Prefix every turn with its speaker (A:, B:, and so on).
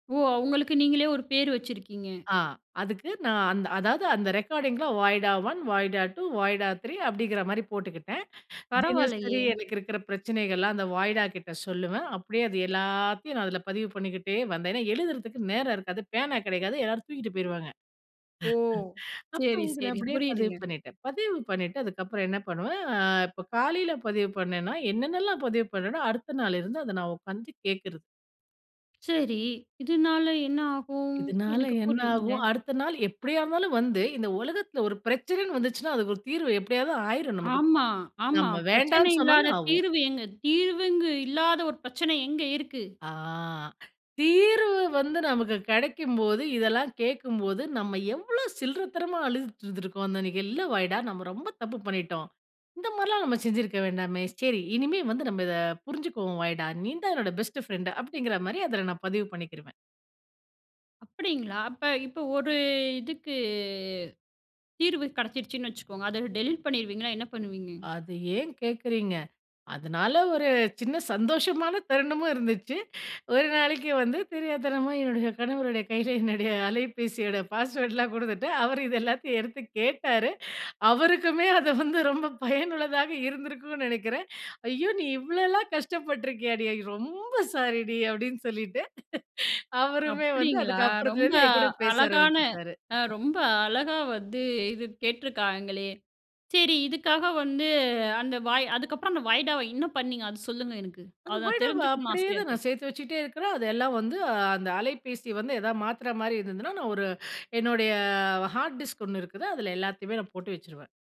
A: ஓ! அவுங்களுக்கு நீங்களே ஒரு பேர் வச்சிருக்கீங்க?
B: ஆ. அதுக்கு நான் அந்த அதாவது அந்த ரெக்கார்டிங்கில வாய்டா 1, வாய்டா 2, வாய்டா 3 அப்படிங்கிற மாரி போட்டுக்கிட்டேன். தினசரி
A: பரவாயில்லையே!
B: எனக்கு இருக்கிற பிரச்சனைகள்லாம் அந்த வாய்டாக்கிட்ட சொல்லுவேன். அப்படியே அது எல்லாத்தையும் நான் அதில பதிவு பண்ணிக்கிட்டே வந்தேன். ஏனா, எழுதுறதுக்கு நேரம் இருக்காது, பேனா கிடைக்காது. எல்லாரும் தூக்கிட்டு போயிடுவாங்க.
A: ஓ! சரி,
B: அப்புறம் இதில
A: சரி.
B: அப்படியே பதிவு
A: புரியுதுங்க.
B: பண்ணிட்டேன். பதிவு பண்ணிட்டு அதுக்கப்புறம் என்ன பண்ணுவேன். அ, இப்போ காலையில பதிவு பண்ணேன்னா என்னென்னலாம் பதிவு பண்ணேனோ, அடுத்த நாள் இருந்து அத நான் உக்காந்து கேக்குறது.
A: சரி, இதுனால என்ன ஆகும்?
B: இதனால
A: எனக்கு
B: என்ன
A: புரியல.
B: ஆகும். அடுத்த நாள் எப்படியா இருந்தாலும் வந்து இந்த உலகத்தில ஒரு பிரச்சனன்னு வந்ததுச்சுன்னா, அதுக்கு ஒரு தீர்வு எப்படியாவது ஆயிரும் நமக்கு. இப்ப
A: ஆமா, ஆமா.
B: நம்ம
A: பிரச்சனை
B: வேண்டானு சொன்னாலும்
A: இல்லாத
B: ஆகும்.
A: தீர்வு எங்க? தீர்வுங்கு இல்லாத ஒரு பிரச்சன எங்க இருக்கு?
B: ஆ தீர்வு வந்து நமக்கு கெடைக்கும்போது, இதெல்லாம் கேட்கும்போது நம்ம எவ்வளோ சில்லறத்தனமா அழுதுட்டு இருந்துருக்கோம். அந்த நீ இல்ல வாய்டா நம்ம ரொம்ப தப்பு பண்ணிட்டோம். இந்த மாரிலாம் நம்ம செஞ்சிருக்க வேண்டாமே! சரி இனிமே வந்து நம்ம இத புரிஞ்சுக்குவோம் வாய்டா. நீ தான் என்னோட பெஸ்ட் ஃப்ரெண்ட் அப்படிங்கிற மாரி அதில நான் பதிவு பண்ணிக்கிருவேன்.
A: அப்படிங்களா! அப்ப இப்ப ஒரு இதுக்கு தீர்வு கெடச்சிருச்சுன்னு வச்சுக்கோங்க. அத வு டெலிட் பண்ணிருவீங்களா, என்ன பண்ணுவீங்க?
B: அது ஏன் கேட்கிறீங்க. அதனால ஒரு சின்ன சந்தோஷமான தருணமும் இருந்துச்சு. ஒரு நாளைக்கு வந்து தெரியாத்தனமா என்னுடைய கணவருடைய கையில என்னுடைய அலைபேசியோட பாஸ்வேர்ட்லாம் குடுத்துட்டு. அவர் இத எல்லாத்தையும் எடுத்து கேட்டாரு. அவருக்குமே அது வந்து ரொம்ப பயனுள்ளதா இருந்திருக்கும்னு நெனைக்கிறேன். "ஐயோ! நீ இவ்வளோல்லா கஷ்டப்பட்டு இருக்கியாடி, ரொம்ப சாரிடி" அப்படின்னு சொல்லிட்டு, அவருமே வந்து
A: அப்படிங்களா!
B: அதுக்கப்புறத்துல
A: ரொம்ப
B: இருந்து என்கூட பேச
A: அழகான
B: ஆரம்பிச்சுட்டாரு.
A: ஆ ரொம்ப அழகா வந்து இது கேட்டுருக்காங்களே. சரி இதுக்காக வந்து அந்த வாய் அதுக்கப்புறம் அந்த வாய்தாவ என்ன பண்ணீங்க. அத சொல்லுங்க எனக்கு.
B: அது
A: அத நான்
B: வாய்டாவ
A: தெரிஞ்சுக்கணும்னு
B: அப்படியே
A: ஆசையா
B: தான்
A: இருக்கு.
B: நான் சேர்த்து வச்சுகிட்டே இருக்கிறேன். அதெல்லாம் வந்து அந்த அலைபேசி வந்து ஏதாவது மாத்துற மாதிரி இருந்ததுனா, நான் ஒரு என்னுடைய ஹார்ட் டிஸ்க் ஒண்ணு இருக்குது. அதில எல்லாத்தையுமே நான் போட்டு வச்சுருவேன்.